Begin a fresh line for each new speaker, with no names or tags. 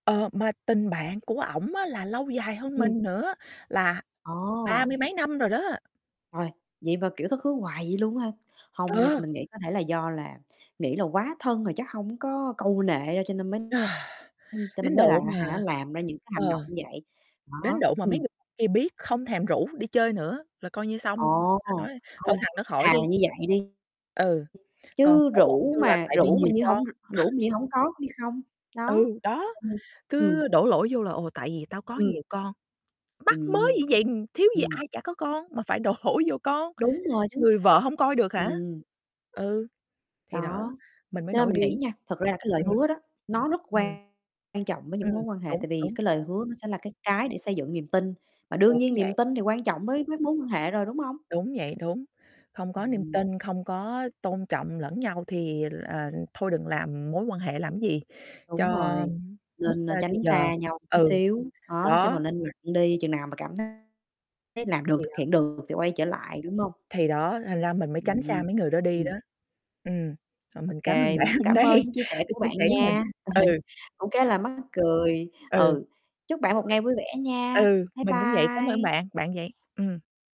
Ờ, mà tình bạn của ổng á là lâu dài hơn
Ừm.
mình nữa, là ba
Ồ!
mươi mấy năm rồi đó.
Rồi. Vậy mà, kiểu, thất hứa hoài vậy luôn á ha? Hông nha,
Ờ.
mình nghĩ có thể là do là nghĩ là quá thân rồi chắc hông có câu nệ đâu cho nên mới cho nên
Đến
mới là
độ
á hả
mà
làm ra những cái
ờ,
hành động như vậy.
đến
Đó.
độ mà mấy
Ừm.
người kia biết không thèm rủ đi chơi nữa là coi như xong [unintelligible]
Ồ!
rồi nói: "Thôi
Không.
thằng đó khỏi
Thà
đi."
là như vậy đi.
Ừ, còn
Chứ
ổn ổn
rủ
như là
mà
tại vì
rủ mà
nhiều
như hổng
con.
r rủ mà như hổng có cũng như không.
Ừ,
Đó.
đó,
Tại vì ừm.
cứ đổ lỗi vô là "Ồ, tại vì tao có
Ừm.
nhiều con." Bắc mớ gì
Ừm.
vậy, ừm, thiếu gì
Ừm
ai chả có con mà phải đổ vô con,
Đúng rồi, chính
người
xác.
vợ hổng coi được hả?
Ừm.
Ừ. Thì đó,
Đó.
mình mới
Cho nên
nổi
mình nghĩ
điên.
á nha, thật ra là cái lời
Ừm.
hứa đó, nó rất
Ừm.
quan trọng với những
Ừm.
mối quan hệ,
Đúng.
tại vì
Đúng.
cái lời hứa nó sẽ là cái cái để xây dựng niềm tin và đương
Đúng
nhiên niềm
vậy.
tin thì quan trọng với với mối quan hệ rồi, đúng không?
Đúng vậy, đúng. Không có niềm
Ừm.
tin, không có tôn trọng lẫn nhau thì, ờ, à, thôi đừng làm mối quan hệ làm cái gì cho
Đúng rồi.
mất,
Nên, ơ,
a, thì
tránh
giờ.
xa nhau tí
Ừ.
xíu, đó, nói chung là
Đó.
nên lặng đi, chừng nào mà cảm thấy làm được,
Thì
thực hiện
đó.
được thì quay trở lại, đúng hông?
Thì đó, thành ra mình mới tránh xa
Ừm.
mấy người đó đi
Ừm.
đó. Ừm. Rồi,
Ô
mình cám ơn
kê,
bạn
mình cũng
hôm
cảm
nay
ơn những chia sẻ
đã
của
chia
bạn
sẻ với mình.
nha,
Ừ.
cũng khá là mắc cười.
Ừ.
Ừ. Chúc bạn một
Rồi.
ngày vui vẻ nha!
Ừ,
Bye
mình cũng vậy, cám ơn
bye!
bạn bạn vậy. Ừm.